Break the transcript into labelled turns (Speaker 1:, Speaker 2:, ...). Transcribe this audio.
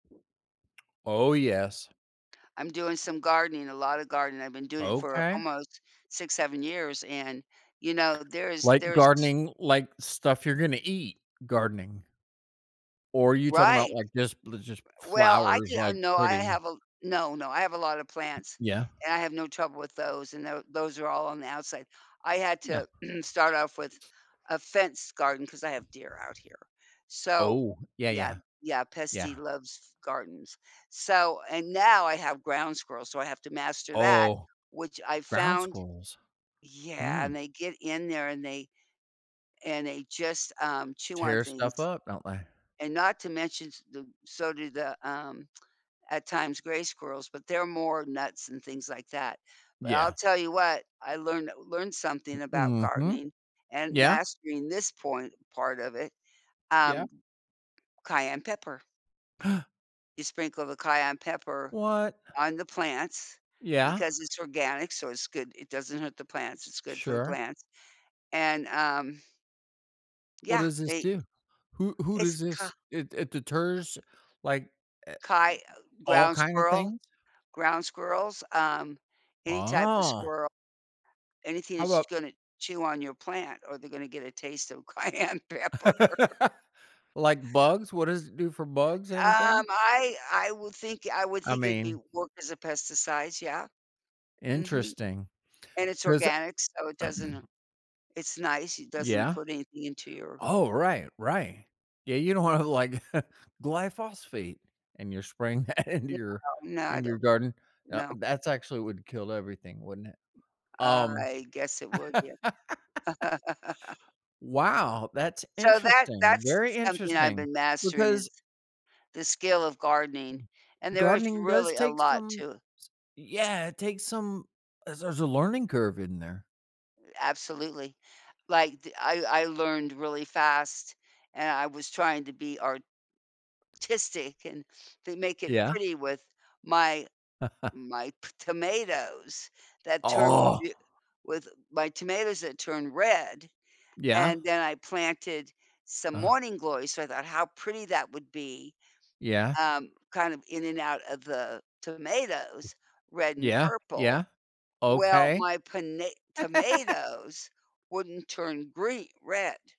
Speaker 1: Oh yes.
Speaker 2: I'm doing some gardening, a lotta gardening, I've been doing it for
Speaker 1: Okay.
Speaker 2: almost 6, 7 years and, you know, there's
Speaker 1: Like
Speaker 2: there's
Speaker 1: gardening like stuff you're gonna eat gardening. Or, you talking 'bout,
Speaker 2: Right.
Speaker 1: like, just li just
Speaker 2: R Well, I
Speaker 1: flowers,
Speaker 2: di uh,
Speaker 1: like,
Speaker 2: no I
Speaker 1: pretty?
Speaker 2: have a No, no, I have a lot of plants,
Speaker 1: Yeah.
Speaker 2: and I have no trouble with those and tho those are all on the outside. I had
Speaker 1: Yeah.
Speaker 2: to start off with a fence garden, 'cause I have deer out here. So
Speaker 1: Oh, yeah,
Speaker 2: Yeah,
Speaker 1: yeah.
Speaker 2: yeah, pest he
Speaker 1: Yeah.
Speaker 2: loves f gardens. So, and now I have ground squirrels so I have to master that,
Speaker 1: Oh.
Speaker 2: which I
Speaker 1: Ground
Speaker 2: found
Speaker 1: squirrels?
Speaker 2: Yeah
Speaker 1: Hmm?
Speaker 2: and they get in there and they and they just, um, chew on
Speaker 1: Tear
Speaker 2: things,
Speaker 1: stuff up, don't they?
Speaker 2: and not to mention s the so do the, um, at times, gray squirrels, but they're more nuts and things like that, but I'll
Speaker 1: Yeah.
Speaker 2: tell you what I learned learned something about
Speaker 1: Hmm. Mhm.
Speaker 2: gardening and
Speaker 1: Yeah.
Speaker 2: mastering this point part of it,
Speaker 1: Yeah.
Speaker 2: um Cayenne pepper. You sprinkle the cayenne pepper
Speaker 1: What?
Speaker 2: on the plants,
Speaker 1: Yeah.
Speaker 2: because it's organic so it's good, it doesn't hurt the plants, it's good for the
Speaker 1: Sure.
Speaker 2: plants, and um
Speaker 1: What
Speaker 2: Yeah,
Speaker 1: does this
Speaker 2: they
Speaker 1: do? Who who
Speaker 2: It's
Speaker 1: does
Speaker 2: ca
Speaker 1: this It it deters, like, a
Speaker 2: Caye Uh,
Speaker 1: all
Speaker 2: ground
Speaker 1: kinda
Speaker 2: squirrel?
Speaker 1: things?
Speaker 2: Ground squirrels, um, any type of
Speaker 1: Oh.
Speaker 2: squirrel, anything
Speaker 1: How
Speaker 2: that's
Speaker 1: 'bout
Speaker 2: gonna chew on your plant or they're gonna get a taste of cayenne pepper.
Speaker 1: Like bugs? What does it do for bugs?
Speaker 2: Um,
Speaker 1: Anything?
Speaker 2: I I would think I would
Speaker 1: I
Speaker 2: think it'd be
Speaker 1: mean
Speaker 2: work as a pesticides, yeah. Mhm,
Speaker 1: Interesting,
Speaker 2: and it's
Speaker 1: 'cause
Speaker 2: organic so it doesn't, uh it's nice, it doesn't
Speaker 1: Yeah?
Speaker 2: put anything into your
Speaker 1: Oh, right, right. Yeah, you don't wanna like glyphosate, and you're spraying that into
Speaker 2: No,
Speaker 1: your
Speaker 2: no I
Speaker 1: in your
Speaker 2: don't
Speaker 1: garden. Now
Speaker 2: No.
Speaker 1: that's actually would kill everything, wouldn't it? Um
Speaker 2: I guess it would, yeah.
Speaker 1: Wow, that's
Speaker 2: So, that
Speaker 1: interesting,
Speaker 2: that's
Speaker 1: very
Speaker 2: s something I've
Speaker 1: interesting,
Speaker 2: been mastering is
Speaker 1: because
Speaker 2: the skill of gardening and there is
Speaker 1: Gardening does
Speaker 2: really a
Speaker 1: take
Speaker 2: lot
Speaker 1: some
Speaker 2: to
Speaker 1: s Yeah, it takes some as there's a learning curve in there.
Speaker 2: Absolutely. Like, th I I learned really fast, and I was trying to be artistic and then make it
Speaker 1: Yeah.
Speaker 2: pretty with my my p tomatoes that turn beau with my tomatoes that turn red,
Speaker 1: Yeah.
Speaker 2: and then I planted some
Speaker 1: Ah.
Speaker 2: morning glories so I thought how pretty that would be,
Speaker 1: Yeah.
Speaker 2: um, kind of in and out of the tomatoes, red and
Speaker 1: Yeah,
Speaker 2: purple.
Speaker 1: yeah.
Speaker 2: Well,
Speaker 1: Okay.
Speaker 2: my pona tomatoes wouldn't turn green red.